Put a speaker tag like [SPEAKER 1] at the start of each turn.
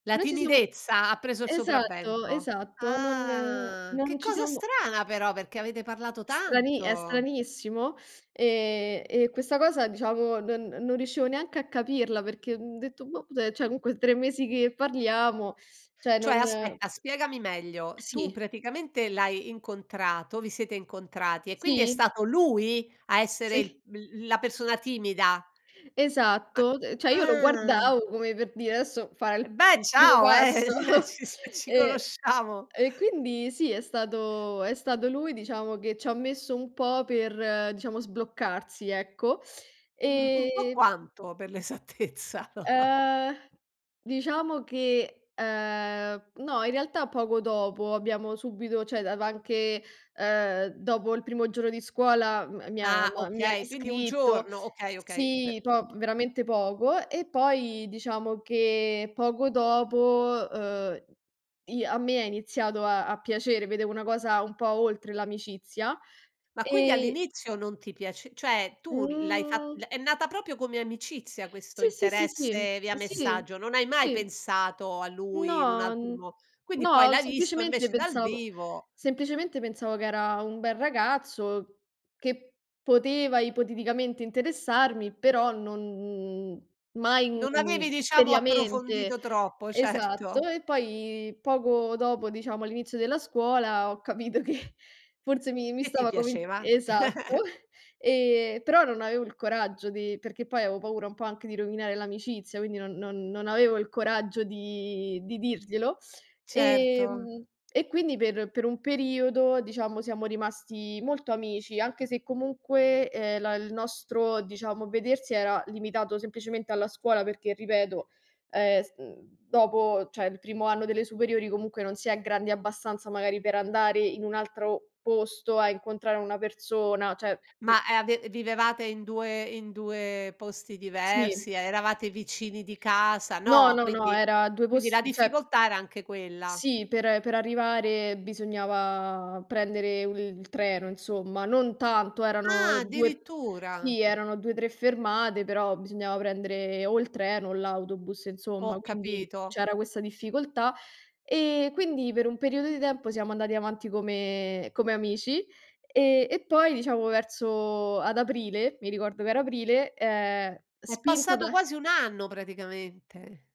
[SPEAKER 1] La
[SPEAKER 2] Non ci siamo
[SPEAKER 1] timidezza ha preso il
[SPEAKER 2] Esatto,
[SPEAKER 1] sopravvento.
[SPEAKER 2] esatto, non
[SPEAKER 1] Ah che
[SPEAKER 2] non ci
[SPEAKER 1] cosa
[SPEAKER 2] siamo
[SPEAKER 1] strana però, perché avete parlato
[SPEAKER 2] Strani è
[SPEAKER 1] tanto.
[SPEAKER 2] stranissimo e e questa cosa, diciamo, non non riuscivo neanche a capirla perché, uhm, ho detto boh, cioè comunque 3 mesi che parliamo, cioè
[SPEAKER 1] Cioè,
[SPEAKER 2] non
[SPEAKER 1] aspetta, spiegami meglio. Tu
[SPEAKER 2] Sì.
[SPEAKER 1] praticamente l'hai incontrato, vi siete incontrati e quindi è
[SPEAKER 2] Sì.
[SPEAKER 1] stato lui a essere
[SPEAKER 2] Sì.
[SPEAKER 1] il l la persona timida? Ma
[SPEAKER 2] Esatto, uhm, cioè io lo
[SPEAKER 1] ah.
[SPEAKER 2] guardavo come per dire: "Adesso, farà
[SPEAKER 1] Eh
[SPEAKER 2] il
[SPEAKER 1] beh,
[SPEAKER 2] primo
[SPEAKER 1] ciao,
[SPEAKER 2] passo"
[SPEAKER 1] eh, sì, ci
[SPEAKER 2] e
[SPEAKER 1] conosciamo.
[SPEAKER 2] e quindi, sì, è stato è stato lui, diciamo, che c'ha messo un po' per, diciamo, sbloccarsi, ecco,
[SPEAKER 1] Mh. Un po'
[SPEAKER 2] e
[SPEAKER 1] quanto, per l'esattezza?
[SPEAKER 2] Ehm, diciamo che, ehm, no, in realtà poco dopo, abbiamo subito cioè dav anche, uhm, dopo il primo giorno di scuola, mi ha
[SPEAKER 1] Ah,
[SPEAKER 2] m'ha mi ha
[SPEAKER 1] okay. Quindi un
[SPEAKER 2] riscritto.
[SPEAKER 1] giorno, okay, okay. Beh,
[SPEAKER 2] Sì, po
[SPEAKER 1] insomma.
[SPEAKER 2] veramente poco. E poi, diciamo, che poco dopo, uhm, i a me è iniziato a a piacere. Vedevo una cosa un po' oltre l'amicizia,
[SPEAKER 1] Ma quindi
[SPEAKER 2] e
[SPEAKER 1] all'inizio non ti piace cioè tu l'hai fat
[SPEAKER 2] Mhmm
[SPEAKER 1] è nata proprio come amicizia, questo
[SPEAKER 2] Sì, sì, sì. Sì,
[SPEAKER 1] interesse via
[SPEAKER 2] sì.
[SPEAKER 1] messaggio. Non hai mai
[SPEAKER 2] Sì.
[SPEAKER 1] pensato a lui in un
[SPEAKER 2] No,
[SPEAKER 1] altro mo quindi poi
[SPEAKER 2] no,
[SPEAKER 1] l'hai visto
[SPEAKER 2] semplicemente
[SPEAKER 1] invece dal
[SPEAKER 2] pensavo
[SPEAKER 1] vivo
[SPEAKER 2] semplicemente pensavo che era un bel ragazzo che poteva ipoteticamente interessarmi, però non mai,
[SPEAKER 1] Non avevi,
[SPEAKER 2] mhmm,
[SPEAKER 1] diciamo,
[SPEAKER 2] seriamente.
[SPEAKER 1] approfondito troppo,
[SPEAKER 2] Esatto,
[SPEAKER 1] certo.
[SPEAKER 2] e poi poco dopo, diciamo, all'inizio della scuola, ho capito che forse mi mi
[SPEAKER 1] E ti
[SPEAKER 2] stava comin
[SPEAKER 1] piaceva.
[SPEAKER 2] esatto, Ehm, però non avevo il coraggio di perché poi avevo paura un po' anche di rovinare l'amicizia, quindi non non non avevo il coraggio di di dirglielo.
[SPEAKER 1] Certo.
[SPEAKER 2] Ehm e quindi per per un periodo, diciamo, siamo rimasti molto amici, anche se comunque, ehm, la il nostro, diciamo, vedersi era limitato semplicemente alla scuola perché, ripeto, ehm, s ehm, dopo, cioè, il primo anno delle superiori comunque non si è grandi abbastanza magari per andare in un altro posto a incontrare una persona, cioè, mh.
[SPEAKER 1] Ma, eh, ave vivevate in due, in due posti
[SPEAKER 2] Sì.
[SPEAKER 1] diversi? Eravate vicini di casa?
[SPEAKER 2] No,
[SPEAKER 1] No.
[SPEAKER 2] no, no,
[SPEAKER 1] Quindi
[SPEAKER 2] era 2
[SPEAKER 1] quindi la
[SPEAKER 2] posti, cioè
[SPEAKER 1] difficoltà era anche quella.
[SPEAKER 2] sì, per per arrivare, bisognava prendere u il treno, insomma, non tanto, erano
[SPEAKER 1] Ah,
[SPEAKER 2] 2
[SPEAKER 1] addirittura.
[SPEAKER 2] sì, erano 2, 3 fermate, però bisognava prendere o il treno o l'autobus insomma.
[SPEAKER 1] Ho
[SPEAKER 2] Quindi
[SPEAKER 1] capito.
[SPEAKER 2] c'era questa difficoltà e quindi per un periodo di tempo, siamo andati avanti come come amici. E e poi, diciamo, verso ad aprile, mi ricordo che era aprile, ehm,
[SPEAKER 1] È
[SPEAKER 2] spinta
[SPEAKER 1] passato
[SPEAKER 2] da
[SPEAKER 1] quasi 1 anno, praticamente.